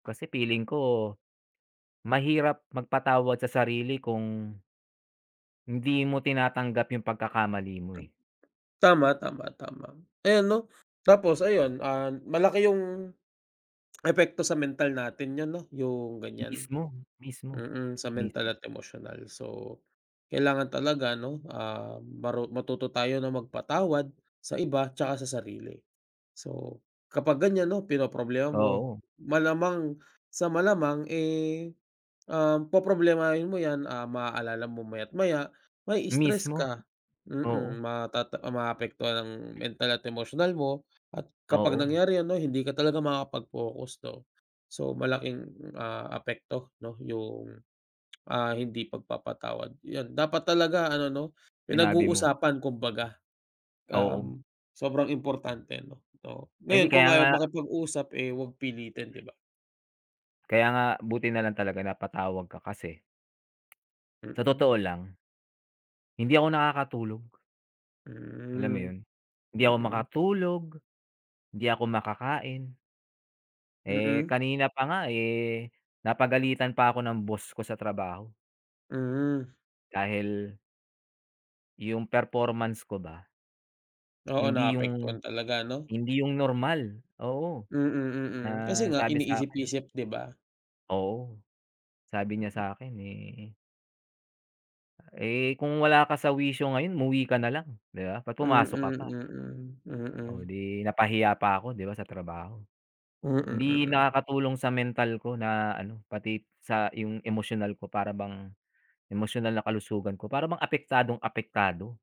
Kasi feeling ko, mahirap magpatawad sa sarili kung hindi mo tinatanggap yung pagkakamali mo, eh. Tama, tama, tama. Ayan 'no, tapos ayun, um, malaki yung, epekto sa mental natin 'yun 'no yung ganyan, Mismo, mismo. mm, sa Mis mental at emosyonal. So, kailangan talaga 'no, ah, maru matuto tayo na magpatawad sa iba 'tsaka sa sarili. So kapag ganyan 'no pinoproblema mo, Oo. malamang sa malamang, eh, um, poproblemahin mo yan, ah, maaalala mo maya't maya, ma-i-stress Mismo, ka. Mm, oo. matata maapektuhan ang mental at emosyonal mo at kapag Oo. nangyari 'yon 'no hindi ka talaga makakapag-focus 'no. So malaking, ah, apekto 'no yung, ah, hindi pagpapatawad yan dapat talaga ano 'no, pinag Sinabi mo. uusapan kumbaga, Oo. um, sobrang importante ano. So Hindi, ngayon kaya kung ayaw nga makipag-usap, eh, 'wag pilitin 'di ba? kaya nga buti nalang talaga napatawag ka kasi, sa Mm. totoo lang, hindi ako nakakatulog. Alam mo Mm, yun, hindi ako mm. makatulog, 'di ako makakain. Eh, Mm. kanina pa nga, eh, napagalitan pa ako ng boss ko sa trabaho. Mm. Dahil yung performance ko ba Oo, hindi naapektuhan yung, talaga 'no? hindi yung normal, oo. Mm, mm. Ah, Kasi nga sabi sa'kin iniisip-isip 'di ba? oo, sabi niya sakin, eh eh, kung wala ka sa wisyo ngayon umuwi ka nalang 'di ba, ba't Mm, pumasok ka pa? mm, Oh, mm. 'di napahiya pa ako 'di ba sa trabaho. Mm, Hindi mm. nakakatulong sa mental ko na ano, pati sa yung emosyonal ko para bang, emosyonal na kalusugan ko para bang apektadong apektado.